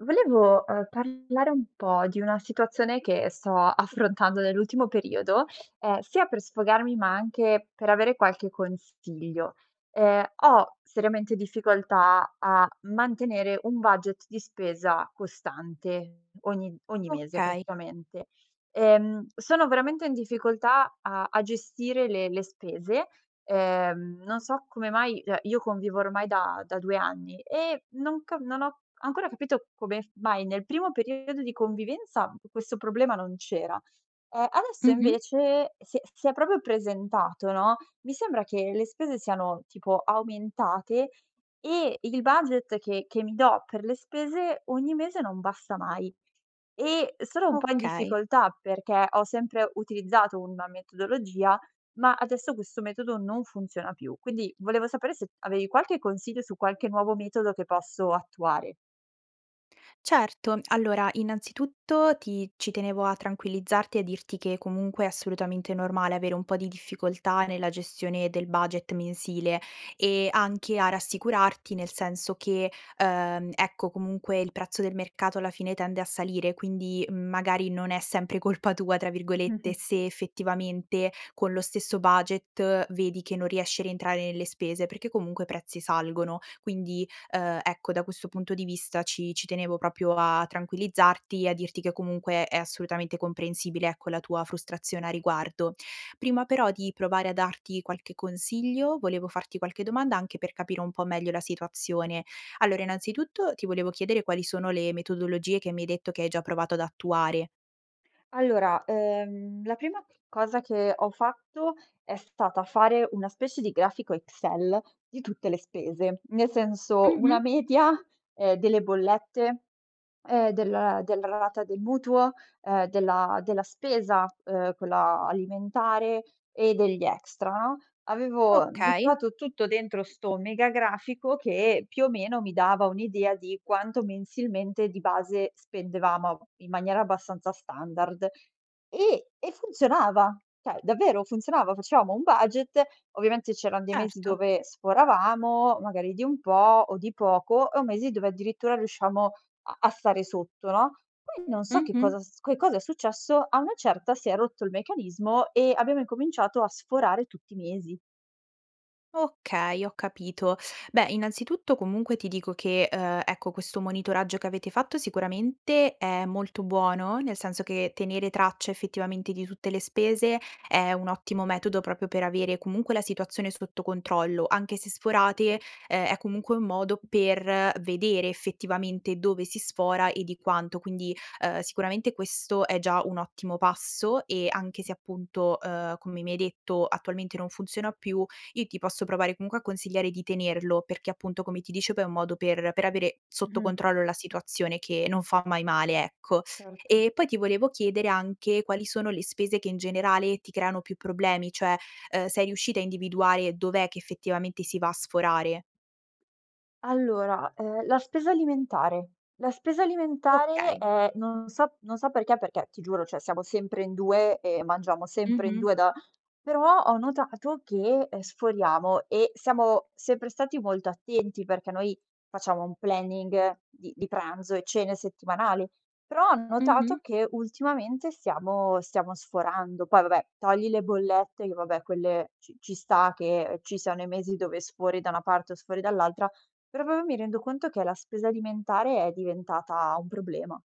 Volevo, uhm, parlare un po' di una situazione che sto affrontando nell'ultimo periodo, ehm, sia per sfogarmi ma anche per avere qualche consiglio. Ehm, ho seriamente difficoltà a mantenere un budget di spesa costante ogni ogni mese Okay. praticamente. Ehm, sono veramente in difficoltà a a gestire le le spese, ehm, non so come mai, cioè, io convivo ormai da da 2 anni e non ca non ho ancora capito come f mai nel primo periodo di convivenza questo problema non c'era, ehm, adesso Mh-mh. invece si è si è proprio presentato, no, mi sembra che le spese siano tipo aumentate e il budget che che mi do per le spese, ogni mese non basta mai. E, uhm, sono un po' in Okay. difficoltà, perché ho sempre utilizzato una metodologia, ma adesso questo metodo non funziona più. Quindi volevo sapere se avevi qualche consiglio su qualche nuovo metodo che posso attuare. Certo, allora innanzitutto ti ci tenevo a tranquillizzarti e a dirti che comunque è assolutamente normale avere un po' di difficoltà nella gestione del budget mensil, e anche a rassicurarti nel senso che, uhm, ecco comunque il prezzo del mercato alla fine tende a salire quindi, mhmm, magari non è sempre "colpa tua", tra virgolette, se effettivamente, con lo stesso budget, vedi che non riesci a rientrare nelle spese, perché comunque i prezzi salgono. Quindi, uhm, ecco da questo punto di vista ci ci tenevo proprio a tranquillizzarti e a dirti che comunque è assolutamente comprensibile, ecco, la tua frustrazione a riguardo. Prima però di provare a darti qualche consiglio, volevo farti qualche domanda anche per capire un po' meglio la situazione. Allora, innanzitutto ti volevo chiedere: quali sono le metodologie che mi hai detto che hai già provato ad attuare? Allora, uhm, la prima cosa che ho fatto è stata fare una specie di grafico Excel di tutte le spese. Nel senso, una Mh-mh. media, ehm, delle bollette, e del della rata del mutuo, uhm, della della spesa, uhm, quella alimentare e degli extra, no? Avevo Okay. buttato tutto dentro sto mega grafico che più o meno mi dava un'idea di quanto mensilmente di base spendevamo, ab in maniera abbastanza standard. E e funzionava, cioè davvero funzionava, facevamo un budget, ovviamente c'eran dei mesi Certo. dove sforavamo, magari di un po', o di poco, o mesi dove addirittura riusciamo a a stare sotto, no, poi non so che Mh-mh. cosa s che cosa è successo, a una certa si è rotto il meccanismo e abbiamo incominciato a sforare tutti i mesi. Okay, ho capito. Beh innanzitutto comunque ti dico che, uhm, ecco questo monitoraggio che avete fatto sicuramente è molto buono, nel senso che tenere traccia effettivamente di tutte le spese è un ottimo metodo proprio per avere comunque la situazione sotto controllo, anche se sforate, uhm, è comunque un modo per vedere effettivamente dove si sfora e di quanto, quindi, uhm, sicuramente questo è già un ottimo passo. E anche se appunto, uhm, come mi hai detto attualmente non funziona più, io ti posso provare comunque a consigliare di tenerlo, perché appunto come ti dicevo è un modo per per avere sotto Mh-mh. controllo la situazione, che non fa mai male, ecco. Certo. E poi ti volevo chiedere anche quali sono le spese che in generale ti creano più problemi, cioè, uhm, sei riuscita a individuare dov'è che effettivamente si va a sforare? Allora, ehm, la spesa alimentare. La spesa alimentare Okay. è non so non so perché, perché ti giuro, cioè, siamo sempre in 2 e mangiamo sempre in Mh-mh. 2 da però ho notato che, ehm, sforiamo e siamo sempre stati molto attenti perché noi facciamo un planning di di pranzo e cene settimanali. Però ho notato Mh-mh. che ultimamente stiamo stiamo sforando. Poi vabbè, togli le bollette che vabbè quelle ci ci sta che ci siano i mesi dove sfori da una parte o sfori dall'altra. Però proprio mi rendo conto che la spesa alimentare è diventata un problema.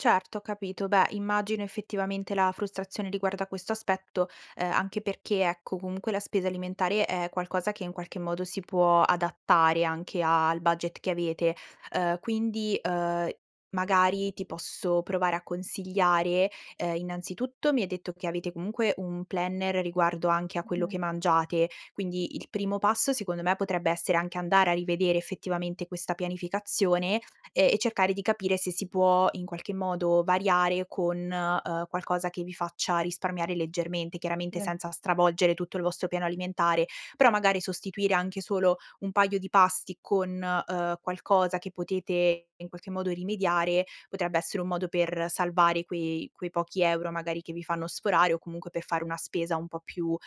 Certo, ho capito. Beh, immagino effettivamente la frustrazione riguardo a questo aspetto, uhm, anche perché ecco, comunque la spesa alimentare è qualcosa che in qualche modo si può adattare anche al budget che avete. Uhm, quindi, uhm, magari ti posso provare a consigliare, uhm, innanzitutto mi hai detto che avete comunque un planner riguardo anche a quello che Mh-mh. mangiate, quindi il primo passo secondo me potrebbe essere anche andare a rivedere effettivamente questa pianificazione, ehm, e cercare di capire se si può in qualche modo variare con, uhm, qualcosa che vi faccia risparmiare leggermente, chiaramente Sì. senza stravolgere tutto il vostro piano alimentare. Però magari sostituire anche solo un paio di pasti con, uhm, qualcosa che potete in qualche modo rimediare, potrebbe essere un modo per salvare quei quei pochi euro magari che vi fanno sforare o comunque per fare una spesa un po' più, uhm,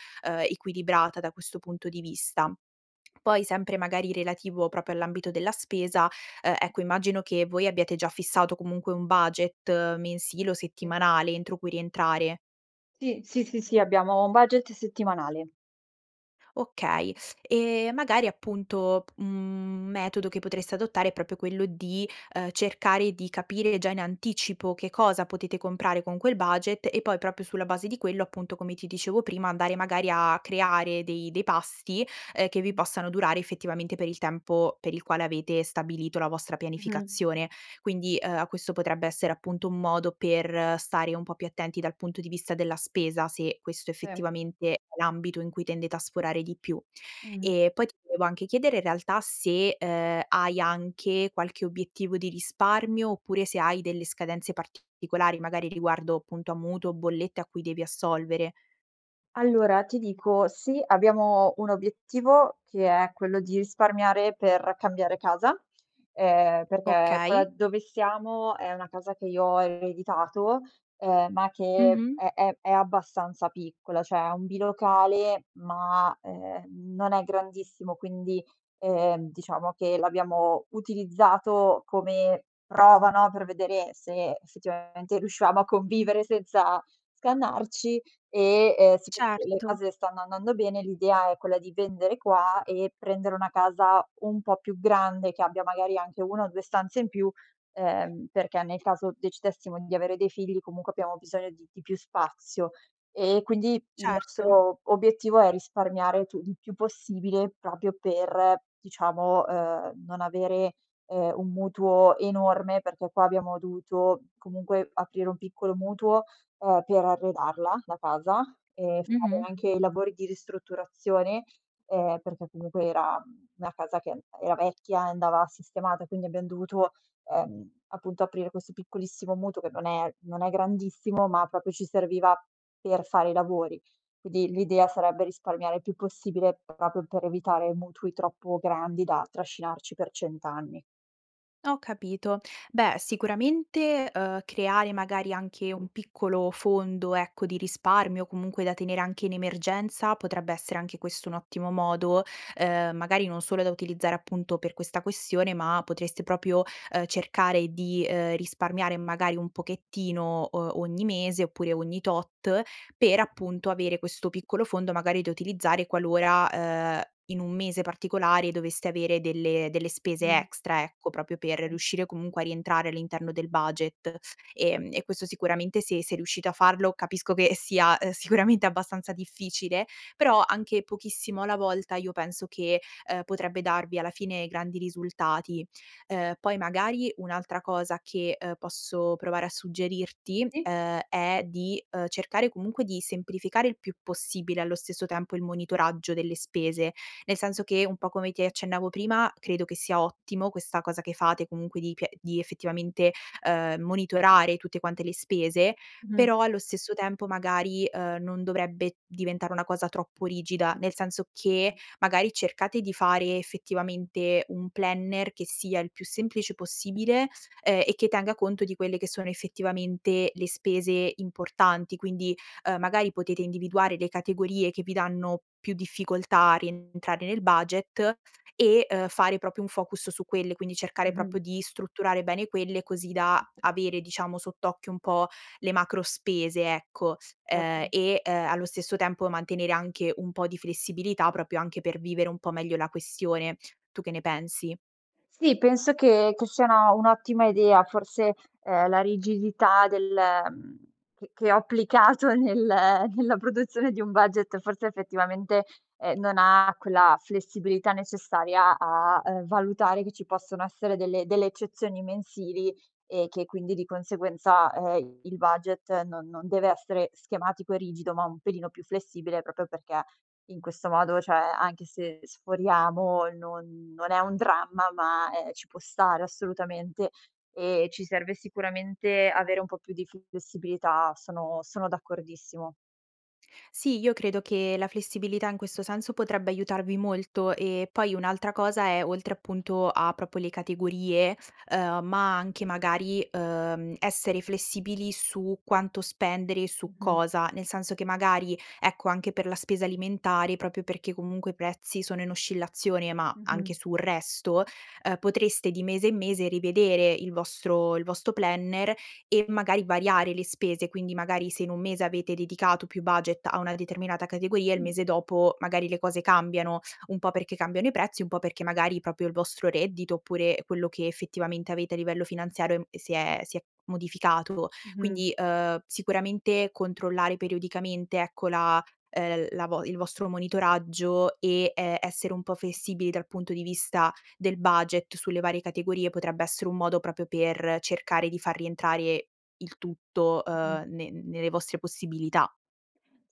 equilibrata da questo punto di vista. Poi, sempre magari relativo proprio all'ambito della spesa, uhm, ecco immagino che voi abbiate già fissato comunque un budget mensile o Sì. settimanale entro cui rientrare. Sì, sì, sì, sì abbiamo un budget settimanale. Okay, e magari appunto p mhmm, un metodo che potreste adottare è proprio quello di, uhm, cercare di capire già in anticipo che cosa potete comprare con quel budget e poi proprio sulla base di quello appunto, come ti dicevo prima, andare magari a creare dei dei pasti, ehm, che vi Mh. possano durare effettivamente per il tempo per il quale avete stabilito la vostra Mh-mh. pianificazione. Quindi, uhm, a questo potrebbe essere appunto un modo per stare un po' più attenti dal punto di vista della spesa, se questo Se. effettivamente è l'ambito in cui tendete a sforare di più. Mh-mh. E poi ti volevo anche chiedere in realtà se, uhm, hai anche qualche obiettivo di risparmio, oppure se hai delle scadenze particolari, magari riguardo appunto a mutuo, bollette a cui devi assolvere. Allora ti dico, sì abbiamo un obiettivo che è quello di risparmiare per cambiare casa, uhm, perché quella Okay. dove siamo è una casa che io ho ereditato, ehm, ma che Mh-mh. è è è abbastanza piccola, cioè è un bilocale ma, ehm, non è grandissimo. Quindi, ehm, diciamo che l'abbiamo utilizzato come prova, no, per vedere se effettivamente riuscivamo a convivere senza scannarci e, ehm, siccome poi le Certo. cose stanno andando bene, l'idea è quella di vendere qua e prendere una casa un po' più grande, che abbia magari anche 1 o 2 stanze in più, ehm, perché nel caso decidessimo di avere dei figli comunque abbiamo bisogno di di più spazio. E quindi il Certo. nostro obiettivo è risparmiare tu il più possibile, proprio per diciamo, uhm, non avere, ehm, un mutuo enorme perché qua abbiamo dovuto comunque aprire un piccolo mutuo, uhm, per arredarla, la casa, e fare Mh-mh. anche i lavori di ristrutturazione, uhm, perché comunque era, mhmm, una casa che an era vecchia e andava sistemata, quindi abbiam dovuto, ehm, appunto aprire questo piccolissimo mutuo che non è non è grandissimo, ma proprio ci serviva per fare i lavori. Quindi l'idea sarebbe risparmiare il più possibile proprio per evitare mutui troppo grandi da trascinarci per 100 anni. Ho capito. Beh, sicuramente, uhm, creare magari anche un piccolo fondo ecco, di risparmio comunque da tenere anche in emergenza, potrebbe essere anche questo un ottimo modo, uhm, magari non solo da utilizzare appunto per questa questione, ma potreste proprio, uhm, cercare di, uhm, risparmiare magari un pochettino, uhm, ogni mese, oppure ogni tot, per appunto avere questo piccolo fondo magari da utilizzare qualora, uhm, in un mese particolare doveste avere delle delle spese Mh. extra ecco, proprio per [unintelligible] riuscire comunque a rientrare all'interno del budget. Ehm, e questo sicuramente se se riuscite a farlo, capisco che sia, uhm, sicuramente abbastanza difficile, però anche pochissimo alla volta io penso che, uhm, potrebbe darvi alla fine grandi risultati. Uhm, poi magari un'altra cosa che, uhm, posso provare a suggerirti, Sì? uhm, è di, uhm, cercare comunque di semplificare il più possibile allo stesso tempo il monitoraggio delle spese, nel senso che un po' come ti accennavo prima, credo che sia ottimo questa cosa che fate comunque di pie di effettivamente, uhm, monitorare tutte quante le spese, Mh-mh. però allo stesso tempo magari, uhm, non dovrebbe diventare una cosa troppo rigida. Nel senso Mh. che, magari cercate di fare effettivamente un planner che sia il più semplice possibile, ehm, e che tenga conto di quelle che sono effettivamente le spese importanti, quindi, uhm, magari potete individuare le categorie che vi danno più difficoltà a rientrare nel budget e, uhm, fare proprio un focus su quelle. Quindi cercare Mh-mh. proprio di strutturare bene quelle, così da avere diciamo sott'occhio un po' le macro spese ecco, uhm, Certo. e uhm, allo stesso tempo mantenere anche un po' di flessibilità, proprio anche per vivere un po' meglio la questione, tu che ne pensi? Sì penso che, che siano un'ottima idea forse, uhm, la rigidità del, mhmm, che che ho applicato nel nella produzione di un budget, forse effettivamente ehm, non ha quella flessibilità necessaria a, uhm, valutare che ci possono essere delle delle eccezioni mensili e che quindi di conseguenza, uhm, il budget non non deve essere schematico e rigido, ma un pelino più flessibile proprio perché in questo modo cioè anche se sforiamo non non è un dramma ma, ehm, ci può stare assolutamente e ci serve sicuramente avere un po' più di flessibilità, sono sono d'accordissimo. Sì, io credo che la flessibilità, in questo senso, potrebbe aiutarvi molto. E, poi, un'altra cosa è, oltre, appunto, a proprio le categorie, uhm, ma anche, magari, uhm, essere flessibili su quanto spendere e su Mh-mh. cosa. Nel senso che, magari, ecco, anche per la spesa alimentare proprio perché, comunque, i prezzi sono in oscillazione, ma Mh-mh. anche sul resto, uhm, potreste, di mese in mese, rivedere il vostro il vostro planner e, magari, variare le spese. Quindi, magari, se in un mese avete dedicato più budget a una determinata categoria, il Mh. mese dopo, magari, le cose cambiano, un po' perché cambiano i prezzi, un po' perché, magari, proprio il vostro reddito oppure, ehm, quello che, effettivamente, avete a livello finanziario e m e si è si è modificato. Mh-mh. Quindi, uhm, sicuramente, controllare periodicamente, ecco, la uhm, la vo il vostro monitoraggio e, ehm, essere un po' flessibili dal punto di vista del budget sulle varie categorie potrebbe essere un modo proprio per cercare di far rientrare il tutto, Mh-mh. uhm, ne nelle vostre possibilità.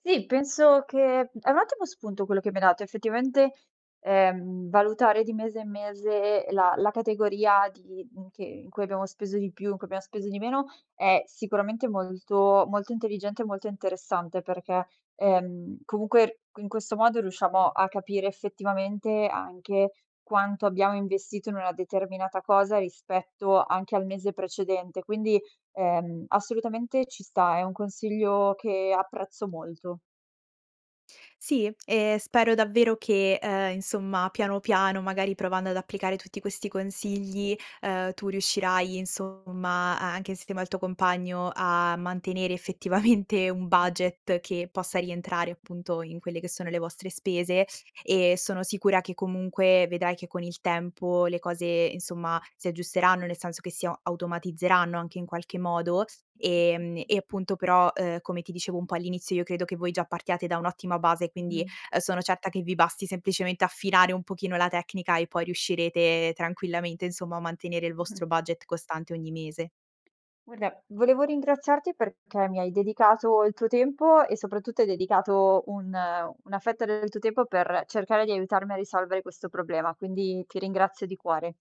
Sì, penso che è un ottimo spunto quello che mi hai dato. Effettivamente, ehm, valutare di mese in mese la la categoria di mhmm, che in cui abbiamo speso di più, in cui abbiam speso di meno, è sicuramente molto molto intelligente e molto interessante. Perché, ehm, comunque, qui in questo modo, riusciamo a capire, effettivamente, anche quanto abbiamo investito in una determinata cosa, rispetto anche al mese precedente quindi, ehm, assolutamente, ci sta. È un consiglio che apprezzo molto. Sì. Ehm, spero davvero che, uhm, insomma, piano, piano, magari, provando ad applicare tutti questi consigli, uhm, tu riuscirai, insomma, a anche insieme al tuo compagno a mantenere, effettivamente, un budget che possa rientrare, appunto, in quelle che sono le vostre spese e sono sicura che, comunque, vedrai che, con il tempo, le cose, insomma, si aggiusteranno. Nel senso che si a automatizzeranno anche in qualche modo. Ehm, e, appunto però, uhm, come ti dicevo un po' all'inizio, io credo che voi già partiate da un'ottima base, quindi, Mh-mh. uhm, sono certa che vi basti semplicemente affinare un pochino la tecnica e poi riuscirete tranquillamente, insomma, a mantenere il Mh-mh. vostro budget costante ogni mese. Guarda, volevo ringraziarti perché mi hai dedicato il tuo tempo e, soprattutto, hai dedicato un una fetta del tuo tempo per cercare di aiutarmi a risolvere questo problema, quindi ti ringrazio di cuore.